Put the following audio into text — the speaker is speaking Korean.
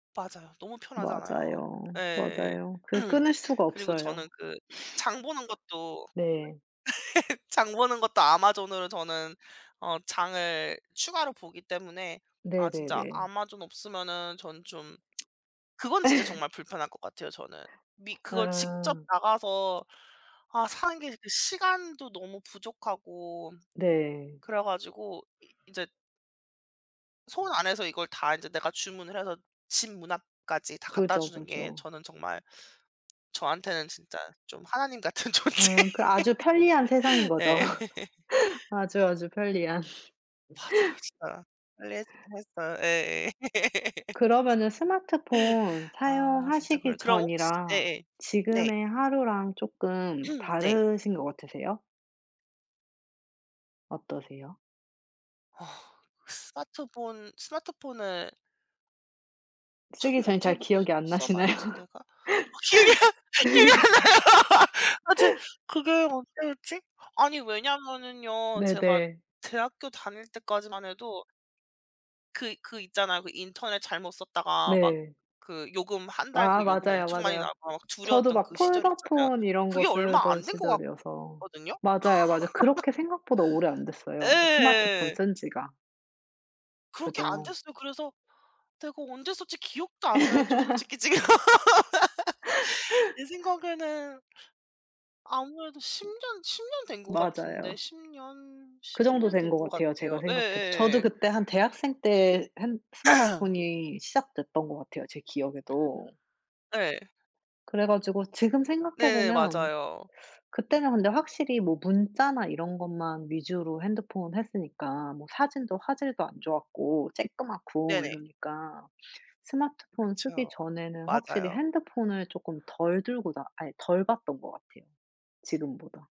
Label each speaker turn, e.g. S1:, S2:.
S1: 맞아요. 너무 편하잖아요.
S2: 맞아요.
S1: 예.
S2: 맞아요. 그 끊을 수가
S1: 그리고 저는
S2: 없어요.
S1: 그 장 보는 것도 [unintelligible]
S2: 네.
S1: 장 보는 것도 Amazon으로 저는 어 장을 추가로 보기 때문에
S2: 네
S1: 아
S2: 네
S1: 진짜
S2: 네.
S1: Amazon 없으면은 저는 좀 그건 진짜 정말 불편할 것 같아요 저는. 미 그걸 직접
S2: 아.
S1: 나가서 아 사는 게 이게 시간도 너무 부족하고
S2: 네.
S1: 그래 가지고 인제 손 안에서 이걸 다 이제 내가 주문을 해서 집 문 앞까지 다 갖다
S2: 그죠.
S1: 주는 게
S2: 그죠.
S1: 저는 정말 저한테는 진짜 좀 하나님 같은 존재.
S2: 음. 그 아주 편리한 세상인 거죠.
S1: 예.
S2: 아주 아주 편리한.
S1: 맞아요 진짜. 편리해지긴 했어요. 예예.
S2: 그러면은 스마트폰
S1: 아 진짜 그래요.
S2: 사용하시기
S1: 그럼 혹시 네
S2: 전이랑
S1: 예. 네.
S2: 지금의 하루랑 쪼끔
S1: 네.
S2: 다르신 것 같으세요? 어떠세요?
S1: 어. 스마트폰 스마트폰을
S2: 쓰기
S1: 처음
S2: 전이 잘
S1: 언제부터
S2: 기억이 안 나시나요?
S1: 써봤지 내가? 확실히 기억이 안 나요. 아 저 그게 언제였지? 아니 왜냐면은요. 제가
S2: 네네.
S1: 대학교 다닐 때까지만 해도 그 그 있잖아요. 그 인터넷 잘못 썼다가 막
S2: 네.
S1: 그 요금 1 달
S2: 아.
S1: 그 요금
S2: 맞아요.
S1: 엄청 많이
S2: 맞아요.
S1: 나와서
S2: 저도
S1: 두려웠던
S2: 막
S1: 그 시절 있잖아요.
S2: 폴더폰 이런 거
S1: 그게 얼마
S2: 쓰던
S1: 안 된 것
S2: 시절이어서.
S1: 같거든요.
S2: 맞아요. 맞아요. 그렇게 생각보다 오래 안
S1: 예
S2: 됐어요,
S1: 예
S2: 스마트폰
S1: 예예.
S2: 쓴 지가.
S1: 그렇게 안
S2: 그죠.
S1: 됐어요. 그래서 내가 언제 썼지 기억도 안 나요 저 솔직히 지금. 제 생각에는 아무래도 10 년, 10 년 된 것 같은데
S2: 맞아요.
S1: 10 년,
S2: 그
S1: 10
S2: 정도
S1: 년
S2: 된
S1: 된
S2: 것
S1: 것
S2: 같아요 제가
S1: 같아요. 예
S2: 생각해도. 저도
S1: 예예예예.
S2: 그때 한 대학생 때 핸 스마트폰이 시작됐던 것 같아요, 제 기억에도.
S1: 네.
S2: 그래 가지고 지금 생각해
S1: 네네
S2: 보면
S1: 맞아요.
S2: 그때는 근데 확실히 뭐 문자나 이런 것만 위주로 핸드폰 했으니까 뭐 사진도 화질도 안 좋았고 조그맣고
S1: 네네.
S2: 이러니까. 스마트폰 쓰기
S1: 그쵸.
S2: 전에는 확실히
S1: 맞아요.
S2: 핸드폰을 쪼끔 덜 들고 다 아 덜 봤던 것 같아요, 지금보다.